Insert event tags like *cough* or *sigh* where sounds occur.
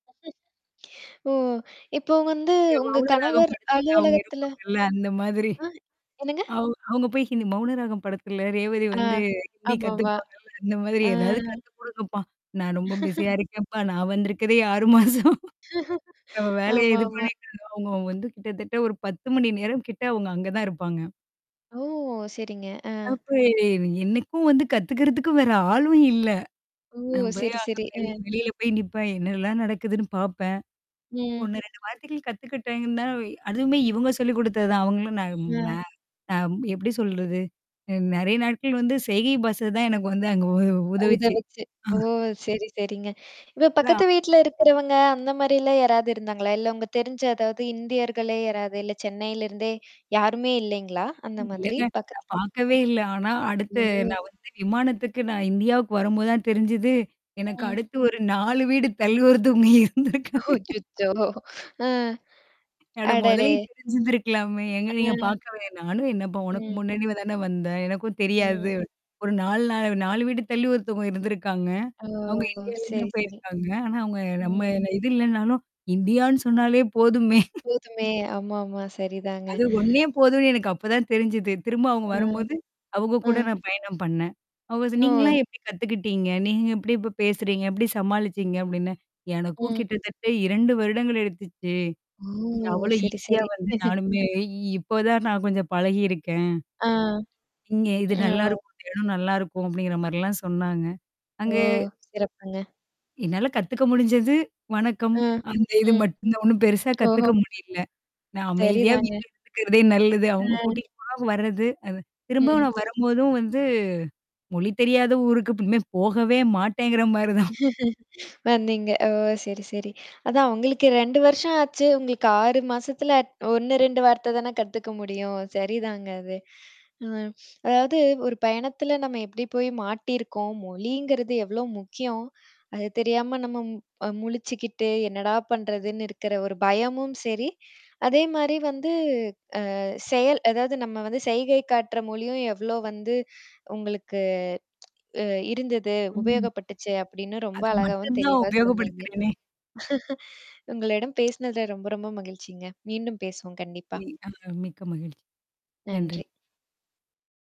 ம். ஓ! இப்போ வந்து உங்க மௌன ராகம் கணவர் படத்துல. அவங்க அலுவலகத்துல இருப்பாங்கல்ல அந்த மாதிரி. ஆ. என்னங்க? அவு அவுங்க போய் இது மௌனராகம் படத்துல ரேவதி ஆ. வந்து ஹிந்தி ஆமாமா. கத்துப்பாங்க. அந்த மாதிரி அ. ஏதாவது கத்து குடுங்கப்பா. நான் ரொம்ப *laughs* பிஸியா இருக்கேன்ப்பா. நான் வந்திருக்கதே 6 மாசம். *laughs* ந *laughs* வேலைய இது ஆமாமா. பண்ணிட்டுந்த அவங்க வந்து கிட்டத்தட்ட ஒரு 10 மணி நேரம் கிட்ட அவங்க அங்க தான் இருப்பாங்க. ஓ! சரிங்க. ஆ. அப்ப எனக்கும் வந்து கத்துக்கறதுக்கும் வேற ஆளும் இல்ல. ஓ! நான் சரி, போய்அங்க சரி. ப அ. வெளியில போய் நிப்பேன். என்னல்லாம் நடக்குதுன்னு பார்ப்பேன். ம். ஒண்ணு வார்த்தைகள் கத்துக்கிட்டேங்கு தான் அதுவுமே இவங்க சொல்லிக் குடுத்தது தான். அவங்களும் ந மே ம். ந எப்படி சொல்றது? நெறைய நாட்கள் வந்து செய்கை பாஷ தான் எனக்கு வந்து அங்க உ உதவிச்சு. உதவுச்சு. ஆ. ஓ! சரி, சரிங்க. இப்ப நான். பக்கத்து வீட்ல இருக்கிறவங்க அந்த மாரிலாம் யாராவது இருந்தாங்களா? இல்ல உங்க தெரிஞ்ச அதாவது இந்தியர்களே யாராது? இல்ல சென்னையில இருந்தே யாருமே இல்லைங்களா? அந்த மாதிரி இல்லங்க. நான் பக்கத்துல. பார்க்கவே இல்ல. ஆனா அடுத்து ஓ. நான் வந்து விமானத்துக்கு நான் இந்தியாவுக்கு வரும்போது தான் தெரிஞ்சுது. எனக்கு ம். அடுத்து ஒரு 4 வீடு தள்ளி ஒருத்தவங்க இருந்திருக்காங்க. அச்சச்சோ! அ. அட அடடே. முதலயே தெரிஞ்சுந்திருக்கலாமே. எங்க நீங்க ஆ. பார்க்கவேன். நானும் என்னப்பா உனக்கு ம். முன்னாடி தானே வந்தேன். எனக்கும் ம். தெரியாது. ஒரு நாலு நால 4 வீடு தள்ளி ஒருத்தவங்க இருந்திருக்காங்க. ஓ! அவங்க இந்தியாலருந்து சரி, தான் சரி. போயிருக்காங்க. ஆனா, அவவுங்க நம்ம ம். இது இல்லனாலும் இந்தியான்னு சொன்னாலே போதுமே. போதுமே! ஆமா, ஆாமா. சரிதாங்க. அது ஒன்னே போதும்னு எனக்கு அப்பதான் தெரிஞ்சுது. திரும்ப அவங்க ம். வரும்போது. அவங்க கூட ம். நான் பயணம் பண்ணேன். ஓ ஓ. நீங்கலாம் எப்படி கத்துக்கிட்டீங்க? நீங்க எப்படி இப்ப பேசுறீங்க? எப்படி சமாளிச்சீங்க அப்ப்டின்னு எனக்கும் ம். கிட்டத்தட்ட 2 வருடங்கள் எடுத்துச்சு? ஓ! அவ்ளோ சரி, ஈஸியா சரி. வந்து *laughs* நானுமே இப்ப தான் நான் கொஞ்சம் பழகியிருக்கேன். ஆ. இங்க இது ஆ. நல்லாயிருக்கும். இடம் நல்லாயிருக்கும். அப்படிங்கிற மாரிலாம் சொன்னாங்க. ஓ! அங்கே. சிறப்புங்க. என்னால கத்துக்க முடிஞ்சது, வணக்கம். ம். அந்த இது ம். மட்டும் ஒன்னும் பெருசா ஓஹோ! கத்துக்க முடியல. நான் அமைதியா சரிதாங்க. வீட்ல. இருக்கறதே நல்லது. அவங்க அ. கூட்டிட்டு போ வரது. அது திரும்ப ம். நான் வரும்போதும் வந்து மொழி தெரியாத ஊருக்கு இனிமே போகவே மாட்டேங்கிற மாரி தான். *chuckles* *laughs* வந்தீங்க. ஓ! சரி, சரி. அதான் அவங்களுக்கு 2 வருஷம் ஆச்சு, உங்களுக்கு 6 மாசத்துல அ் 1 2 வார்த்த தானே கத்துக்க முடியும். சரிதாங்க அது. அ அதாவது ஒரு பயணத்தில நம்ம எப்படி போய் மாட்டியிருக்கோம். மொழிங்கிறது எவ்ளோ முக்கியம். அது தெரியாம நம்ம அ முழிச்சுக்கிட்டு என்னடா பண்றதுன்னு இருக்கிற ஒரு பயமும் சரி. அதே மாரி வந்து அ செயல் அதாவது நம்ம வந்து செயகை காட்டுற மொழியும் எவ்ளோ வந்து உங்களுக்கு அ இருந்தது, ம். உபயோகப்பட்டுச்சு அப்படின்னு ரொம்ப அது அழகாவும் மட்டும் தான் தெளிவா சொன்னீங்க. உபயோகப்படுத்துறேனே! உங்களிடம் பேசினதுல ரொம்ப ரொம்ப மகிழ்ச்சிங்க. மீண்டும் பேசுவோம். கண்டிப்பா. அ மிக்க மகிழ்ச்சி. நன்றி. நன்றி.